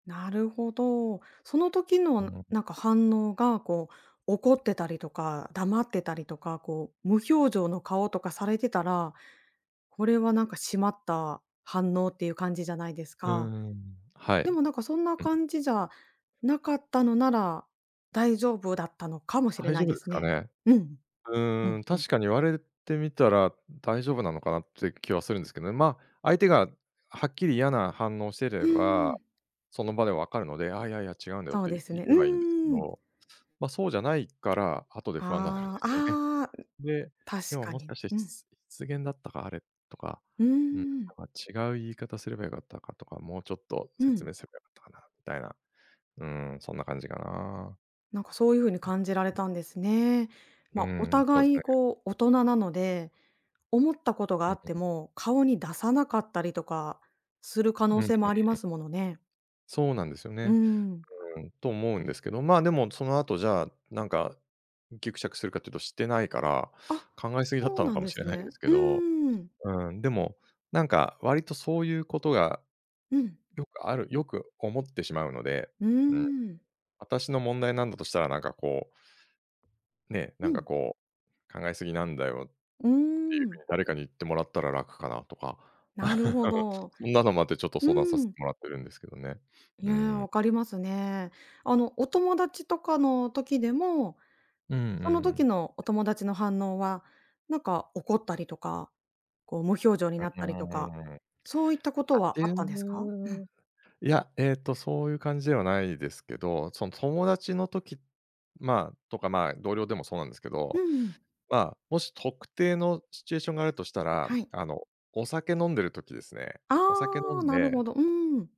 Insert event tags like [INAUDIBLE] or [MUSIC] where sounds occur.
なるほど。その時のん、[UNINTELLIGIBLE] なんか反応が、こう、怒ってたりとか、黙ってたりとか、こう、無表情の顔とかされてたら、これはなんか、しまった反応っていう感じじゃないですうーか。ん。はでい。も、なんかそんなうん。感じじゃなかったのなら、大丈夫だったのかもしれ大な丈い夫でですすかね。ね？うん。ううーんん、うん。確かに、言われるてみたら大丈夫なのかな？って気はするんですけどね、ま、相手がはっきり嫌な反応をしてうれーば、ん。その場でわかるので「あ、いやいや、違うんだよ」っそうて、です言ね。うえばいいんですけーん。ど、ま、そうじゃないから、後で不安なるんであすよね。あ、ああ。で、で確も、かもしに。かして、しうん。つ失言だったかあれ、とか、うーうん、なん。んか、違う言い方すればよかったかとか、もうちょっとう説ん。明すればよかったかな？みたいな。うーん。そんな感じかな。なんか、そういう風にうん、感じられうん。たんですね。うまーあ、おん。そうです互い、ね。こう、大人なので、思ったことがうあうってん。も顔に出さなかったりとかする可うん能うん性もありまうん。すものね。そうなんですようーね。ん。うーん。と思うんですけど、まあ、でも、その後、じゃあ、なんか、ギクシャクするかっていうと、してないから、あ、考えすぎだっそうたのなんかもでしれすないんでね。すけうど。ーん。うーん。でも、なんか、割とそういうことが、うん。よくあるよく思ってしまうので。うーうん。ん。私の問題なんだとしたら、なんかこうね、なうんかん。こう「考えすぎなんだよ」っていううーふうん。に、誰かに言ってもらったら楽かな？とか。なるほ [LAUGHS] ど。そんなのもあって、ちょっとう相談させてん。もらってるんですけどね。いうーや、ん。分かりますね。あの、お友達とかの時でも、うんうその時ん。のお友達の反応は、なんか怒ったりとか、こう無表情にうなっうたりとか、ーん。そういったことあはてあったんんですか？うん。な。いや、ええと、そういう感じではないですけど、その友達の時、まあ、とか、まあ、同僚でもそうなんですけうんど、うん。まあ、もし特定のシチュエーションがあるとしたら、はい。あの、お酒飲んでる時ですね、お酒飲ああ、んなるでほど。うーん。